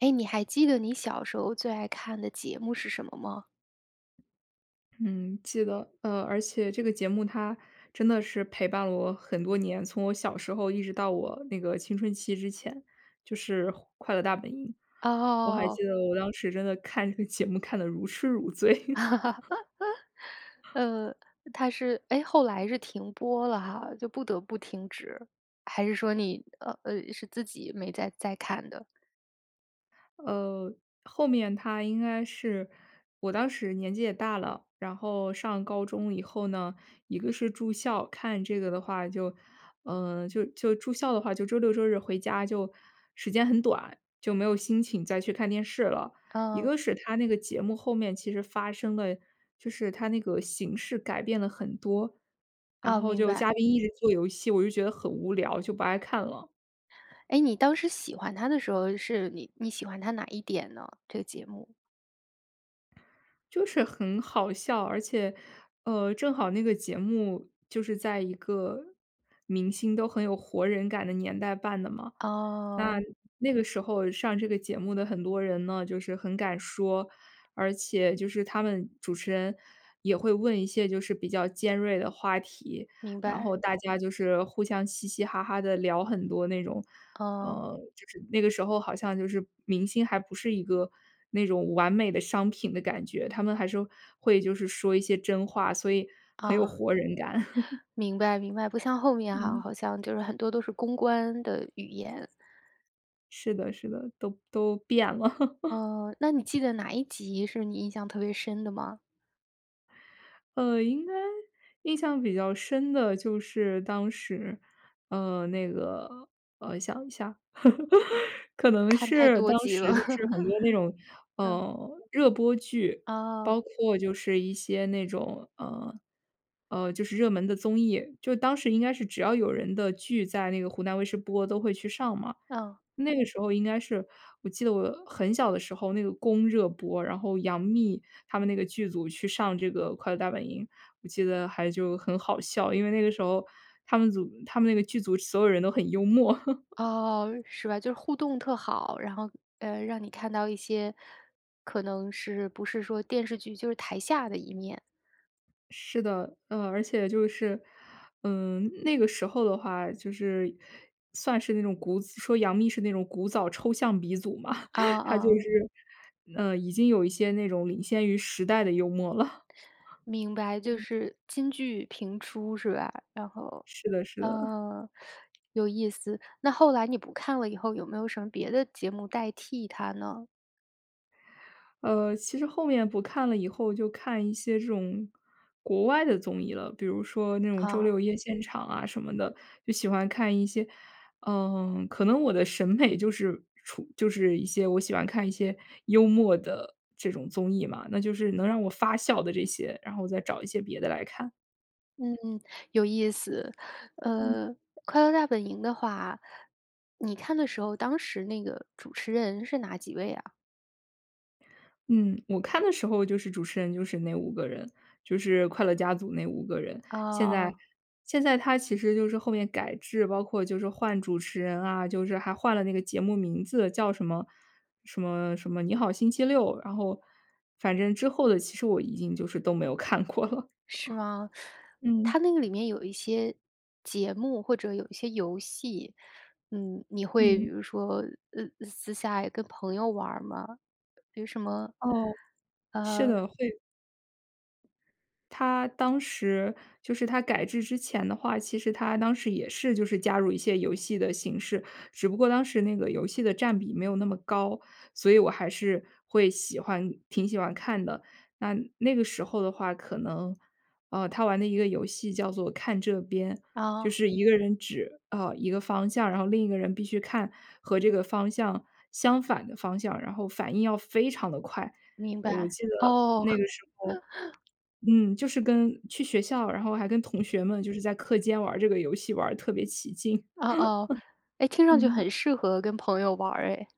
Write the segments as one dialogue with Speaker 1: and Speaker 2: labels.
Speaker 1: 诶，你还记得你小时候最爱看的节目是什么吗？
Speaker 2: 嗯，记得，呃，而且这个节目它真的是陪伴了我很多年，从我小时候一直到我那个青春期之前，就是《快乐大本营》。我还
Speaker 1: 哦。
Speaker 2: 记得我当时真的看这个节目看得如痴如醉。
Speaker 1: 呃，它是诶，后来是停播了哈。就不得不停止，还是说你，呃，是自己没再再看的？
Speaker 2: 呃，后面它应该是，我当时年纪也大了。然后上高中以后呢，一个是住校，看这个的话就呃，就就住校的话，就周六周日回家就时间很短，就没有心情再去看电视了。一
Speaker 1: 哦。
Speaker 2: 个是它那个节目后面其实发生了就是它那个形式改变了很多，然
Speaker 1: 哦，
Speaker 2: 后
Speaker 1: 明
Speaker 2: 就嘉
Speaker 1: 白。
Speaker 2: 宾一直做游戏，我就觉得很无聊，就不爱看了。
Speaker 1: 诶，你当时喜欢它的时候，是你你喜欢它哪一点呢？这个节目。
Speaker 2: 就是很好笑，而且，呃，正好那个节目就是在一个明星都很有活人感的年代办的嘛。那
Speaker 1: 哦。
Speaker 2: 那个时候上这个节目的很多人呢，就是很敢说，而且就是他们主持人也会问一些就是比较尖锐的话题。
Speaker 1: 明
Speaker 2: 然
Speaker 1: 白。
Speaker 2: 后大家就是互相嘻嘻哈哈地聊很多那种
Speaker 1: 嗯。
Speaker 2: 嗯，就是那个时候好像就是明星还不是一个那种完美的商品的感觉，他们还是会就是说一些真话，所以很有
Speaker 1: 哦，
Speaker 2: 活人感。
Speaker 1: 明白明白，不像后面哈，
Speaker 2: 嗯。
Speaker 1: 好像就是很多都是公关的语言。
Speaker 2: 是的是的，都都变了。
Speaker 1: 哦，那你记得哪一集是你印象特别深的吗？
Speaker 2: 呃，应该印象比较深的就是当时，呃，那个，呃，想一下。可能
Speaker 1: 看太
Speaker 2: 是
Speaker 1: 多
Speaker 2: 当
Speaker 1: 集了。
Speaker 2: 时就是很多那种，
Speaker 1: 嗯。
Speaker 2: 呃，热播剧。
Speaker 1: 哦。
Speaker 2: 包括就是一些那种，呃，呃，就是热门的综艺，就当时应该是只要有人的剧在那个湖南卫视播都会去上嘛。
Speaker 1: 嗯。
Speaker 2: 那个时候应该是，我记得我很小的时候那个《宫》热播，然后杨幂她们那个剧组去上这个《快乐大本营》。我记得还就很好笑，因为那个时候她们组她们那个剧组所有人都很幽默。
Speaker 1: 哦，是吧，就是互动特好。然后呃，让你看到一些，可能是不是说电视剧，就是台下的一面。
Speaker 2: 是的，呃，而且就是，嗯，那个时候的话就是算是那种古子说杨幂是那种古早抽象鼻祖嘛。
Speaker 1: 哦，
Speaker 2: 她就
Speaker 1: 哦。
Speaker 2: 是，呃，已经有一些那种领先于时代的幽默了。
Speaker 1: 明白，就是金句频出是吧？然后
Speaker 2: 是的是的。
Speaker 1: 嗯，有意思。那后来你不看了以后，有没有什么别的节目代替它呢？
Speaker 2: 呃，其实后面不看了以后就看一些这种，国外的综艺了。比如说那种《周
Speaker 1: 哦。
Speaker 2: 六夜现场》啊什么的，就喜欢看一些嗯，可能我的审美就是处就是一些我喜欢看一些幽默的这种综艺嘛。那就是能让我发笑的这些，然后再找一些别的来看。
Speaker 1: 嗯嗯，有意思。
Speaker 2: 嗯。
Speaker 1: 呃，《快乐大本营》的话你看的时候，当时那个主持人是哪几位啊？
Speaker 2: 嗯，我看的时候就是主持人就是那5个人，就是快乐家族那5个人。
Speaker 1: 哦
Speaker 2: 现在
Speaker 1: 哦。
Speaker 2: 现在它其实就是后面改制，包括就是换主持人啊，就是还换了那个节目名字叫什么什么什么《你好星期六》。然后反正之后的其实我已经就是都没有看过了。
Speaker 1: 是吗？它
Speaker 2: 嗯。
Speaker 1: 那个里面有一些，节目，或者有一些游戏，嗯，你会比
Speaker 2: 嗯。
Speaker 1: 如说呃，私下也跟朋友玩儿吗？比如什么，
Speaker 2: 哦，是的，会
Speaker 1: 呃
Speaker 2: 它当时就是它改制之前的话其实它当时也是就是加入一些游戏的形式。只不过当时那个游戏的占比没有那么高，所以我还是会喜欢挺喜欢看的。那那个时候的话，可能呃，它玩的一个游戏叫做《看这边》，就
Speaker 1: 哦。
Speaker 2: 是一个人指，啊，一个方向，然后另一个人必须看和这个方向，相反的方向，然后反应要非常地快。
Speaker 1: 明
Speaker 2: 我
Speaker 1: 白，
Speaker 2: 记得
Speaker 1: 哦。
Speaker 2: 那个时候 嗯，就是跟去学校，然后还跟同学们就是在课间玩儿这个游戏玩儿得特别起劲。
Speaker 1: 哦哦，诶，听上去
Speaker 2: 嗯。
Speaker 1: 很适合跟朋友玩儿诶。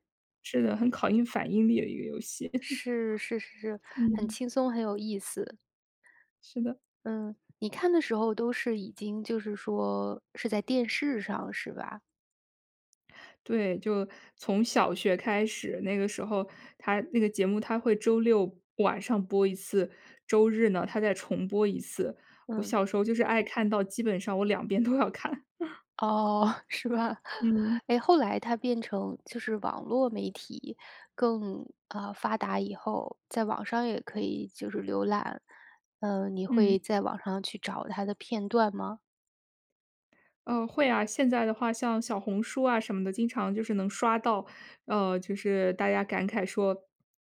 Speaker 2: 是的，很考验反应力的一个游戏。
Speaker 1: 是是是 是，很
Speaker 2: 嗯。
Speaker 1: 轻松、很有意思。
Speaker 2: 是的。
Speaker 1: 嗯，你看的时候都是已经就是说是在电视上是吧？
Speaker 2: 对，就从小学开始，那个时候它那个节目它会周六晚上播一次，周日呢，它再重播一次。我
Speaker 1: 嗯。
Speaker 2: 小时候就是爱看到基本上我两边都要看。
Speaker 1: 哦，是吧。
Speaker 2: 嗯。
Speaker 1: 诶，后来它变成就是网络媒体，更呃，发达以后，在网上也可以就是浏览。嗯，你
Speaker 2: 嗯。
Speaker 1: 会在网上去找它的片段吗？
Speaker 2: 呃，会啊。现在的话像小红书啊什么的，经常就是能刷到，呃，就是大家感慨说：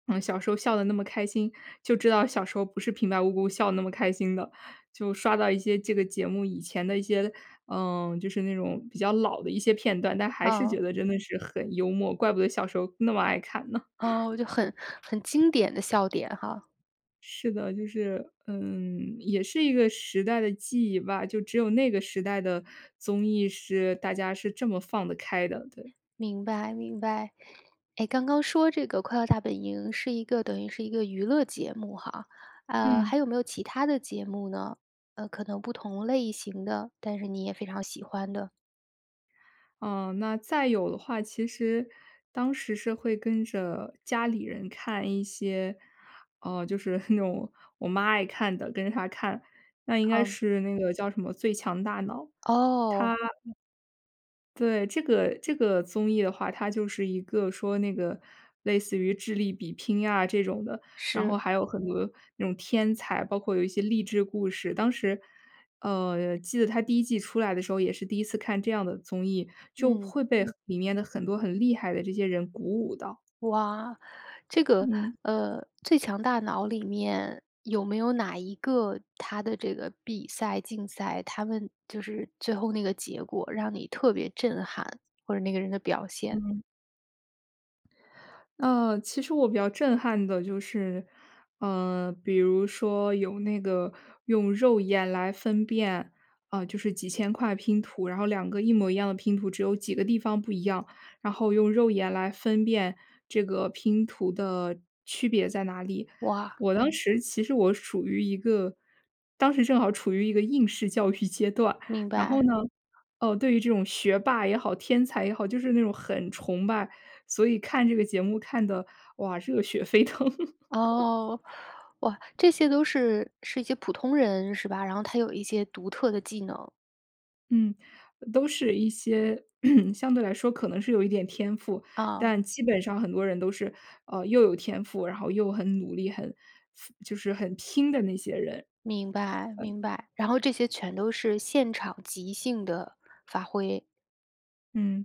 Speaker 2: “嗯，小时候笑得那么开心，就知道小时候不是平白无故笑得那么开心的。”就刷到一些这个节目以前的一些呃，就是那种比较老的一些片段。但还是觉
Speaker 1: 嗯。
Speaker 2: 得真的是很幽默，怪不得小时候那么爱看呢。
Speaker 1: 哦，我就很很经典的笑点哈。
Speaker 2: 是的，就是嗯，也是一个时代的记忆吧，就只有那个时代的综艺是大家是这么放得开的，对。
Speaker 1: 明白明白，哎，刚刚说这个《快乐大本营》是一个等于是一个娱乐节目哈，呃，
Speaker 2: 嗯。
Speaker 1: 还有没有其它的节目呢？呃，可能不同类型的，但是你也非常喜欢的？
Speaker 2: 嗯，那再有的话，其实当时是会跟着家里人看一些呃，就是那种我妈爱看的，跟着她看。那应该
Speaker 1: 哦。
Speaker 2: 是那个叫什么《最强大脑》，它
Speaker 1: 哦。
Speaker 2: 对，这个这个综艺的话，它就是一个说那个类似于智力比拼啊，这种的。然后
Speaker 1: 是。
Speaker 2: 还有很多那种天才，包括有一些励志故事。当时呃，记得它第1季出来的时候，也是第1次看这样的综艺。就
Speaker 1: 嗯。
Speaker 2: 会被里面的很多很厉害的这些人鼓舞到。
Speaker 1: 哇，这个，
Speaker 2: 嗯。
Speaker 1: 呃，《最强大脑》里面，有没有哪一个他的这个比赛、竞赛，他们就是最后那个结果让你特别震撼，或者那个人的表现。
Speaker 2: 嗯。呃，其实我比较震撼的就是嗯，比如说有那个用肉眼来分辨啊，就是几千块拼图，然后两个一模一样的拼图，只有几个地方不一样，然后用肉眼来分辨这个拼图的区别在哪里。
Speaker 1: 哇。
Speaker 2: 我当时其实我属于一个当时正好处于一个应试教育阶段，
Speaker 1: 明
Speaker 2: 然后
Speaker 1: 白。
Speaker 2: 呢，呃，对于这种学霸也好、天才也好，就是那种很崇拜。所以看这个节目看得，哇，热血沸腾。
Speaker 1: 哦。哇，这些都是是一些普通人，是吧？然后他有一些独特的技能。
Speaker 2: 嗯，呃，都是一些 相对来说可能是有一点天赋。
Speaker 1: 哦。
Speaker 2: 但基本上很多人都是，呃，又有天赋，然后又很努力，很辅就是很拼的那些人。
Speaker 1: 明白
Speaker 2: 嗯。
Speaker 1: 明白。然后这些全都是现场即兴的发挥？
Speaker 2: 嗯，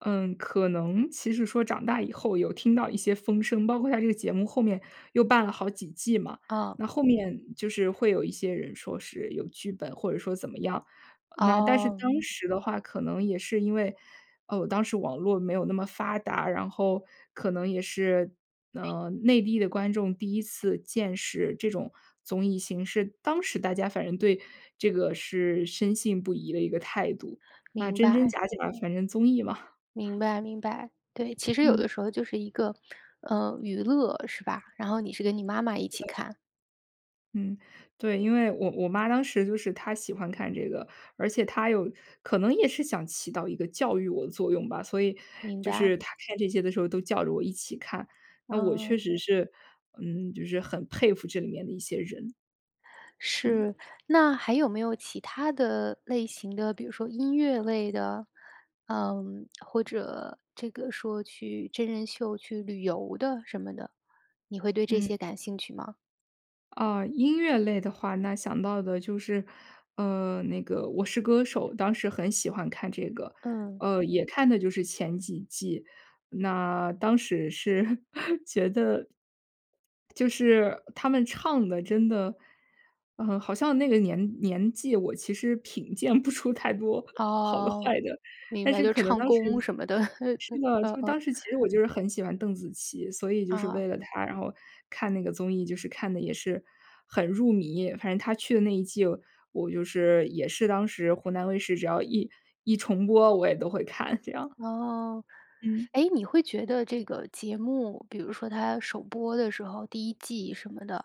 Speaker 2: 嗯，可能其实说长大以后有听到一些风声，包括它这个节目后面又办了好几季嘛。
Speaker 1: 哦。
Speaker 2: 那后面就是会有一些人说是有剧本或者说怎么样。呃，那但是
Speaker 1: 哦。
Speaker 2: 当时的话可能也是因为呃，当时网络没有那么发达，然后可能也是，呃，内地的观众第一次见识这种综艺形式。当时大家反正对这个是深信不疑的一个态度。啊，
Speaker 1: 明
Speaker 2: 真真
Speaker 1: 白。
Speaker 2: 假假，反正综艺嘛。
Speaker 1: 明白明白。对，其实有
Speaker 2: 嗯。
Speaker 1: 的时候就是一个，呃，娱乐，是吧？然后你是跟你妈妈一起看。
Speaker 2: 嗯，对。因为我我妈当时就是她喜欢看这个，而且她有可能也是想起到一个教育我的作用吧，所以，
Speaker 1: 明
Speaker 2: 就是
Speaker 1: 白。
Speaker 2: 她看这些的时候都叫着我一起看。那我确
Speaker 1: 哦。
Speaker 2: 实是，嗯，就是很佩服这里面的一些人。嗯。
Speaker 1: 是。那还有没有其它的类型的，比如说音乐类的？嗯，或者，这个说去真人秀去旅游的什么的？你会对这
Speaker 2: 嗯。
Speaker 1: 些感兴趣吗？
Speaker 2: 啊，音乐类的话，那想到的就是，呃，那个《我是歌手》，当时很喜欢看这个。
Speaker 1: 嗯。
Speaker 2: 呃，也看的就是前几季。那当时是觉得就是，呃，他们唱得真的嗯，好像那个年年纪，我其实品鉴不出太多好的
Speaker 1: 哦，
Speaker 2: 坏的。
Speaker 1: 明
Speaker 2: 但
Speaker 1: 白。
Speaker 2: 是
Speaker 1: 就
Speaker 2: 可能
Speaker 1: 唱
Speaker 2: 当时
Speaker 1: 功什么的，嗯，
Speaker 2: 是的，
Speaker 1: 嗯
Speaker 2: 就当
Speaker 1: 嗯。
Speaker 2: 时其实我就是很喜欢邓紫琪。所以就是
Speaker 1: 哦。
Speaker 2: 为了她，然后看那个综艺，就是看得也是很入迷。反正她去的那一季，我就是也是当时湖南卫视只要一一重播，我也都会看这样。
Speaker 1: 哦。
Speaker 2: 嗯。
Speaker 1: 诶，你会觉得这个节目，比如说它首播的时候，第1季什么的，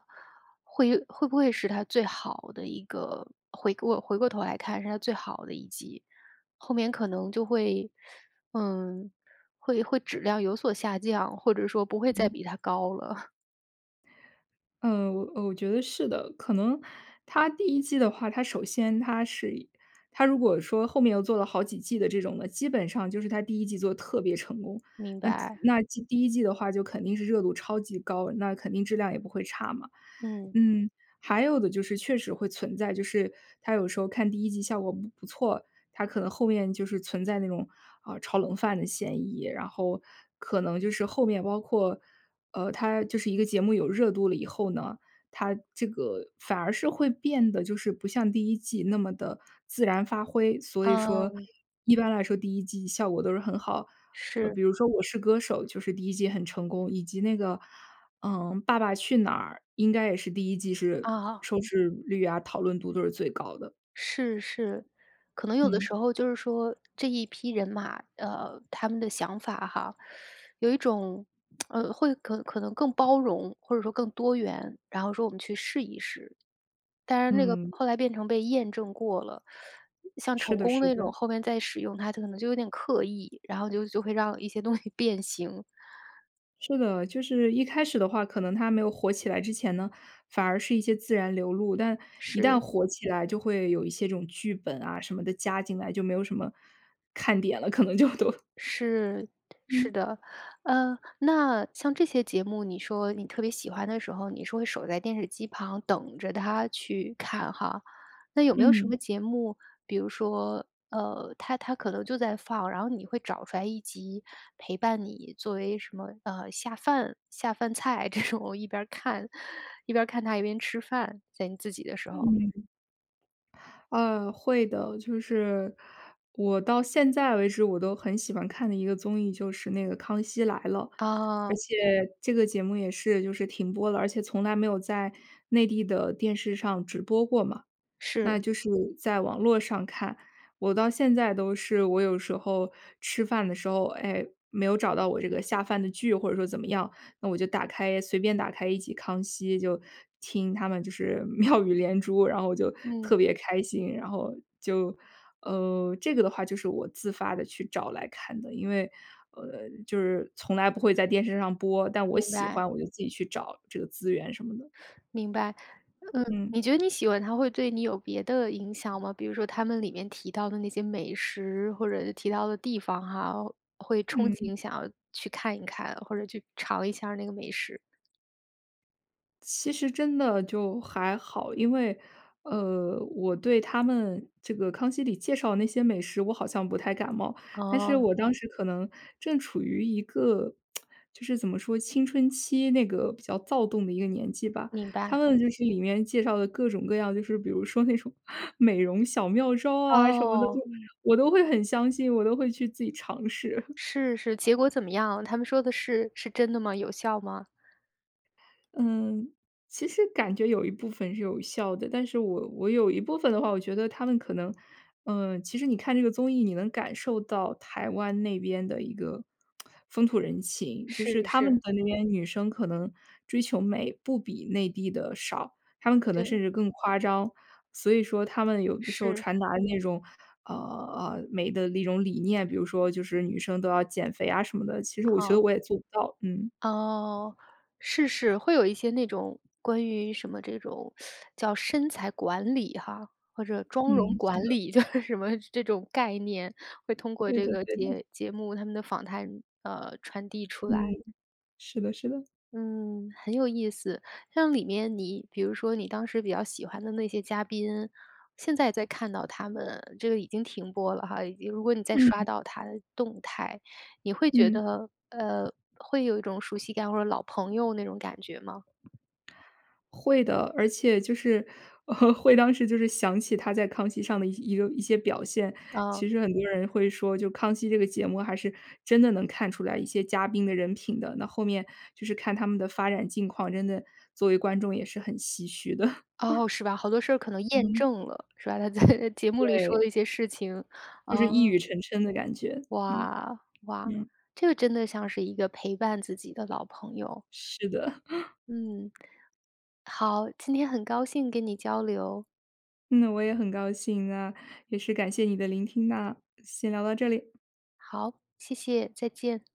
Speaker 1: 会会不会是它最好的一个回过回过头来看，是它最好的一季？后面可能就会 嗯，会会质量有所下降，或者说不会再
Speaker 2: 嗯。
Speaker 1: 比它高了？
Speaker 2: 嗯，我呃，我觉得是的。可能它第1季的话，它首先它是一它如果说后面又做了好几季的这种的，基本上就是它第1季做得特别成功。
Speaker 1: 明
Speaker 2: 那可
Speaker 1: 白。
Speaker 2: 那既第1季的话就肯定是热度超级高，那肯定质量也不会差嘛。
Speaker 1: 嗯。
Speaker 2: 嗯，还有的就是确实会存在，就是它有时候看第1季效果不不错，它可能后面就是存在那种，呃，炒冷饭的嫌疑。然后可能就是后面包括，呃，它就是一个节目有热度了以后呢，它这个反而是会变得就是不像第1季那么地自然发挥。所以说，
Speaker 1: 嗯。
Speaker 2: 一般来说第1季效果都是很好。呃，
Speaker 1: 是。
Speaker 2: 比如说《我是歌手》就是第1季很成功，以及那个，嗯，《爸爸去哪儿》应该也是第1季是
Speaker 1: 啊。
Speaker 2: 收视率啊、讨论度都是最高的。
Speaker 1: 是是。可能有的
Speaker 2: 嗯。
Speaker 1: 时候就是说这一批人马，呃，他们的想法哈，有一种，呃，会可可能更包容，或者说更多元，然后说我们去试一试。但是那个
Speaker 2: 嗯。
Speaker 1: 后来变成被验证过了，像成
Speaker 2: 是的
Speaker 1: 功
Speaker 2: 是
Speaker 1: 那种
Speaker 2: 的。
Speaker 1: 后面再使用，它就可能就有点刻意，然后就就会让一些东西变形。
Speaker 2: 是的，就是一开始的话，可能它没有火起来之前呢，反而是一些自然流露。但一旦
Speaker 1: 是。
Speaker 2: 火起来就会有一些这种剧本啊，什么的加进来，就没有什么看点了，可能就都
Speaker 1: 是，是
Speaker 2: 嗯。
Speaker 1: 的。呃，那像这些节目，你说你特别喜欢的时候，你是会守在电视机旁等着它去看哈。那有没有什
Speaker 2: 嗯。
Speaker 1: 么节目，比如说，呃，它它可能就在放，然后你会找出来一集陪伴你作为什么，呃，下饭下饭菜这种，我一边儿看，一边儿看它一边吃饭，在你自己的时候。
Speaker 2: 嗯。呃，会的。就是我到现在为止我都很喜欢看的一个综艺，就是那个《康熙来了》。
Speaker 1: 哦。
Speaker 2: 而且这个节目也是就是停播了，而且从来没有在内地的电视上直播过嘛。
Speaker 1: 是。
Speaker 2: 那就是在网络上看，我到现在都是我有时候吃饭的时候，哎，没有找到我这个下饭的剧或者说怎么样，那我就打开随便打开一集《康熙》，就听他们就是妙语连珠，然后我就
Speaker 1: 嗯。
Speaker 2: 特别开心。然后就，呃，这个的话，就是我自发地去找来看的。因为，呃，就是从来不会在电视上播，但我
Speaker 1: 明
Speaker 2: 喜
Speaker 1: 白。
Speaker 2: 欢我就自己去找这个资源什么的。
Speaker 1: 明白，嗯。
Speaker 2: 嗯。
Speaker 1: 你觉得你喜欢它会对你有别的影响吗？比如说它们里面提到的那些美食，或者提到的地方哈，会憧
Speaker 2: 嗯。
Speaker 1: 憬想要去看一看，或者去尝一下儿那个美食。
Speaker 2: 其实真的就还好，因为，呃，我对他们这个《康熙》里介绍的那些美食，我好像不太感冒。但是
Speaker 1: 哦。
Speaker 2: 我当时可能正处于一个，就是怎么说，青春期那个比较躁动的一个年纪吧。
Speaker 1: 明白。
Speaker 2: 他们就是里面介绍的各种各样，就是比如说那种美容小妙招啊什么的对，
Speaker 1: 哦。
Speaker 2: 我都会很相信，我都会去自己尝试。
Speaker 1: 是，是，结果怎么样？他们说的是是真的吗？有效吗？
Speaker 2: 嗯，其实感觉有一部分是有效的。但是我我有一部分的话，我觉得他们可能呃，其实你看这个综艺，你能感受到台湾那边的一个 风土人情。就
Speaker 1: 是，
Speaker 2: 是他们
Speaker 1: 是。
Speaker 2: 的那边女生可能追求美不比内地的少，她们可能甚
Speaker 1: 对。
Speaker 2: 至更夸张。所以说她们有的时候
Speaker 1: 是。
Speaker 2: 传达那种，呃呃，美的那种理念，比如说就是女生都要减肥啊什么的，其实我觉得
Speaker 1: 嗯。
Speaker 2: 我也做不到，嗯。
Speaker 1: 哦，是是，会有一些那种关于什么这种 叫身材管理哈，或者妆
Speaker 2: 嗯，
Speaker 1: 容
Speaker 2: 是
Speaker 1: 管
Speaker 2: 的。
Speaker 1: 理。就是什么这种概念，会通过
Speaker 2: 对
Speaker 1: 这
Speaker 2: 的
Speaker 1: 个
Speaker 2: 对的。
Speaker 1: 节节目他们的访谈，呃，传递出
Speaker 2: 嗯，
Speaker 1: 来。
Speaker 2: 是的是的。
Speaker 1: 嗯，很有意思。像里面你比如说你当时比较喜欢的那些嘉宾，现在再看到他们，这个已经停播了哈。如果你再刷
Speaker 2: 嗯。
Speaker 1: 到他的动态，你会觉
Speaker 2: 嗯。
Speaker 1: 得，呃，会有一种熟悉感或者老朋友那种感觉吗？
Speaker 2: 会的，而且就是 会当时就是想起他在《康熙》上的一个一些表现。
Speaker 1: 嗯。
Speaker 2: 其实很多人会说就《康熙》这个节目还是真的能看出来一些嘉宾的人品的，那后面就是看他们的发展境况，真的作为观众也是很唏嘘的。
Speaker 1: 哦，是吧，好多事儿可能验
Speaker 2: 嗯。
Speaker 1: 证了，是吧。他在，呃，节目里说
Speaker 2: 对。
Speaker 1: 的一些事情，
Speaker 2: 就是一
Speaker 1: 呃。
Speaker 2: 语成谶的感觉。嗯。
Speaker 1: 哇，哇，
Speaker 2: 嗯。
Speaker 1: 这个真的像是一个陪伴自己的老朋友。
Speaker 2: 是的。
Speaker 1: 嗯，好，今天很高兴跟你交流。
Speaker 2: 嗯，我也很高兴啊，也是感谢你的聆听啊，先聊到这里。
Speaker 1: 好，谢谢，再见。